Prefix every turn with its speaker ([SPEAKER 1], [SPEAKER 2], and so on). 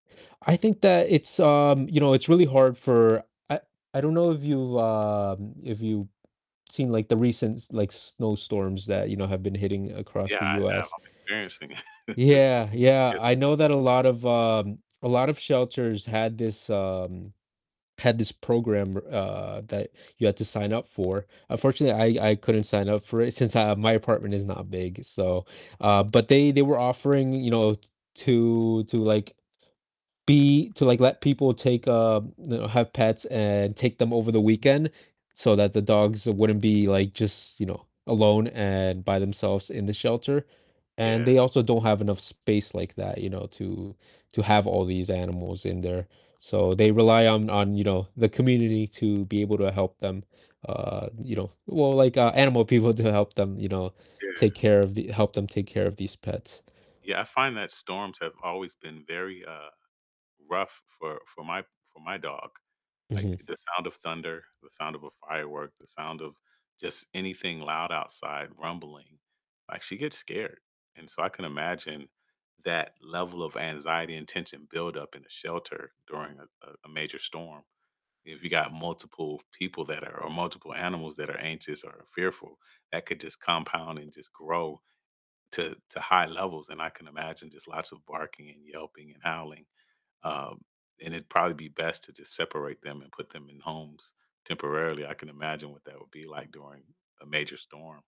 [SPEAKER 1] I think that it's, um, you know, it's really hard for I I don't know if you've, um if you've seen, like, the recent s like, snowstorms that, you know, have been hitting across
[SPEAKER 2] Yeah,
[SPEAKER 1] the
[SPEAKER 2] I know,
[SPEAKER 1] US.
[SPEAKER 2] I'm experiencing it.
[SPEAKER 1] Yeah, yeah,
[SPEAKER 2] Yep.
[SPEAKER 1] I know that a lot of, um, a lot of shelters had this, um had this program where, uh, that you had to sign up for, unfortunately, I I couldn't sign up for it since I my apartment is not big, so, uh but they they were offering, you know, to to, like, be to, like, let people take, um you know, have pets, and take them over the weekend, so that the dogs wouldn't be, like, just, you know, alone and by themselves in the shelter, and
[SPEAKER 2] Yeah.
[SPEAKER 1] they also don't have enough space like that, you know, to to have all these animals in there, so they rely on on, you know, the community to be able to help them, uh, you know well, like, uh, animal people to help them, you know,
[SPEAKER 2] Yeah.
[SPEAKER 1] take care of the help them take care of these pets.
[SPEAKER 2] Yeah, I find that storms have always been very, uh, rough for for my for my dog, like,
[SPEAKER 1] Mhm.
[SPEAKER 2] the sound of thunder, the sound of a firework, the sound of just anything loud outside rumbling, like, she gets scared, and so I can imagine that level of anxiety and tension build up in a shelter during a uh, a major storm, if you got multiple people that are or multiple animals that are anxious or fearful, that could just compound, and just grow to to high levels, and I can imagine just lots of barking, and yelping, and howling, um, and it'd probably be best to just separate them, and put them in homes temporarily, I can imagine what that would be like during a major storm.